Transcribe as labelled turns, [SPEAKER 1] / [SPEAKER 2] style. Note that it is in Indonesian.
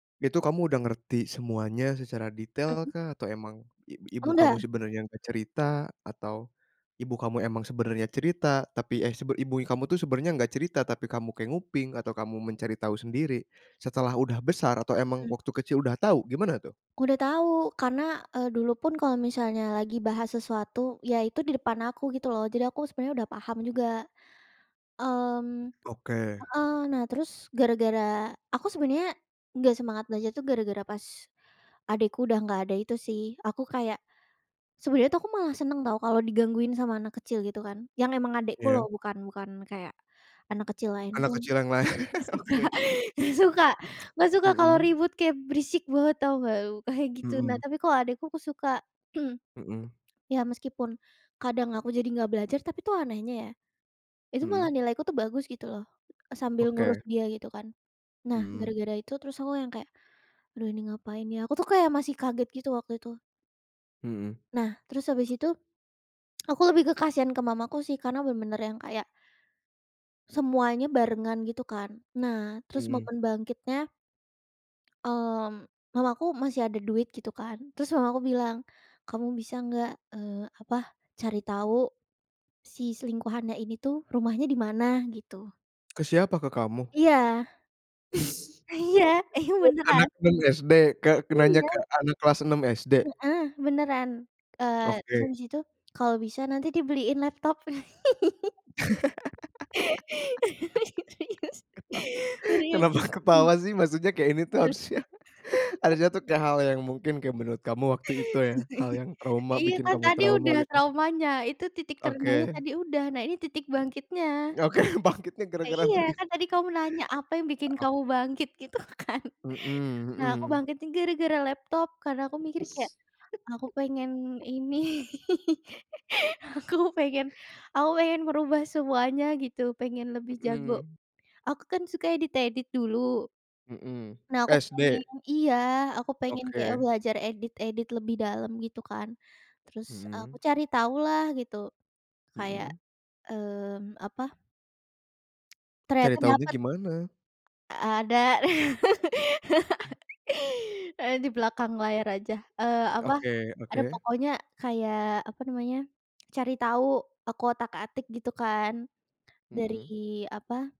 [SPEAKER 1] Itu kamu udah ngerti semuanya secara detail
[SPEAKER 2] Mhm.
[SPEAKER 1] kah, atau emang, ib ibu kamu
[SPEAKER 2] Udah.
[SPEAKER 1] sebenarnya nggak cerita atau, ibu kamu emang sebenarnya cerita tapi, eh, sebe ibunya kamu tuh sebenarnya nggak cerita, tapi kamu kayak nguping atau kamu mencari tahu sendiri. Setelah udah besar atau emang
[SPEAKER 2] Mmm.
[SPEAKER 1] waktu kecil udah tahu, gimana tuh?
[SPEAKER 2] Udah tahu. Karena, eee, dulu pun kalau misalnya lagi bahas sesuatu, yaitu di depan aku gitu loh. Jadi aku sebenarnya udah paham juga. Mmm
[SPEAKER 1] Oke.
[SPEAKER 2] heeh, nah, terus gara-gara aku sebenarnya nggak semangat belajar tuh gara-gara, pas adekku udah nggak ada, itu sih. Aku kayak sebenarnya tuh aku malah seneng tau kalau digangguin sama anak kecil gitu kan. Yang emang adekku loh,
[SPEAKER 1] Iya.
[SPEAKER 2] bukan bukan kayak anak kecil lain
[SPEAKER 1] Anak
[SPEAKER 2] dong.
[SPEAKER 1] kecil yang lain.
[SPEAKER 2] Nggak suka
[SPEAKER 1] Oke.
[SPEAKER 2] nggak suka nggak suka kalau
[SPEAKER 1] Mhm.
[SPEAKER 2] ribut kayak berisik banget sama tau nggak, kayak gitu. Nah
[SPEAKER 1] Mhm.
[SPEAKER 2] tapi kalau adikku aku suka.
[SPEAKER 1] Mhm.
[SPEAKER 2] Ya meskipun, kadang aku jadi nggak belajar tapi tuh anehnya ya, itu malah
[SPEAKER 1] Mhm.
[SPEAKER 2] nilai aku tuh bagus gitu loh, sambil ngurus
[SPEAKER 1] Oke.
[SPEAKER 2] dia gitu kan. Nah,
[SPEAKER 1] Hmm.
[SPEAKER 2] gara-gara itu terus aku yang kayak, "Aduh ini ngapain ya?" Aku tuh kayak masih kaget gitu waktu itu.
[SPEAKER 1] Hmm.
[SPEAKER 2] Nah terus habis itu, aku lebih ke kasihan ke mamaku sih, karena benar-benar yang kayak semuanya barengan, gitu kan. Nah, terus
[SPEAKER 1] Mhm.
[SPEAKER 2] momen bangkitnya, mmm, mamaku masih ada duit gitu kan, terus mama aku bilang, "Kamu bisa nggak, eee, apa, cari tahu si selingkuhannya ini tuh, rumahnya di mana?" Gitu.
[SPEAKER 1] Ke siapa, ke kamu?
[SPEAKER 2] Iya. Iya. Ini
[SPEAKER 1] Anak
[SPEAKER 2] beneran.
[SPEAKER 1] 6 SD, ke ke nanya ke
[SPEAKER 2] Iya.
[SPEAKER 1] anak kelas 6 SD?
[SPEAKER 2] Heeh, beneran. Eee, terus
[SPEAKER 1] Oke.
[SPEAKER 2] habis itu, kalau bisa nanti dibeliin laptop. Serius serius.
[SPEAKER 1] Kenapa ketawa sih? Maksudnya kayak ini tuh
[SPEAKER 2] Heeh.
[SPEAKER 1] harusnya harusnya tuh kayak hal yang mungkin kayak menurut kamu waktu itu ya, hal yang trauma,
[SPEAKER 2] Iya,
[SPEAKER 1] bikin
[SPEAKER 2] kan
[SPEAKER 1] kamu
[SPEAKER 2] tadi
[SPEAKER 1] trauma
[SPEAKER 2] udah
[SPEAKER 1] gitu.
[SPEAKER 2] traumanya, itu titik terendahnya
[SPEAKER 1] Oke.
[SPEAKER 2] tadi udah, nah ini titik bangkitnya.
[SPEAKER 1] Oke bangkitnya gara-gara
[SPEAKER 2] Iya,
[SPEAKER 1] dibeliin
[SPEAKER 2] kan tadi kamu nanya, "Apa yang bikin
[SPEAKER 1] Oh.
[SPEAKER 2] kamu bangkit?" Gitu kan.
[SPEAKER 1] Mhm
[SPEAKER 2] Nah, aku
[SPEAKER 1] mhm.
[SPEAKER 2] bangkitnya gara-gara laptop, karena aku mikir kayak aku pengen ini. Aku pengen aku pengen merubah semuanya gitu, pengen lebih jago.
[SPEAKER 1] Mhm.
[SPEAKER 2] Aku kan suka edit-edit dulu
[SPEAKER 1] Mhm.
[SPEAKER 2] nah aku pengen
[SPEAKER 1] SD?
[SPEAKER 2] iya, aku pengen kayak
[SPEAKER 1] Oke.
[SPEAKER 2] belajar edit-edit lebih dalam gitu kan. Terus, eee, aku
[SPEAKER 1] Mhm.
[SPEAKER 2] cari tahu lah gitu kayak,
[SPEAKER 1] Mhm.
[SPEAKER 2] mmm, apa ternyata
[SPEAKER 1] Cari taunya
[SPEAKER 2] dapat.
[SPEAKER 1] gimana?
[SPEAKER 2] Ada. Saya di belakang layar aja, eee, apa,
[SPEAKER 1] Oke oke.
[SPEAKER 2] ada pokoknya kayak, apa namanya, cari tahu, aku otak-atik gitu kan, dari
[SPEAKER 1] Mhm.
[SPEAKER 2] apa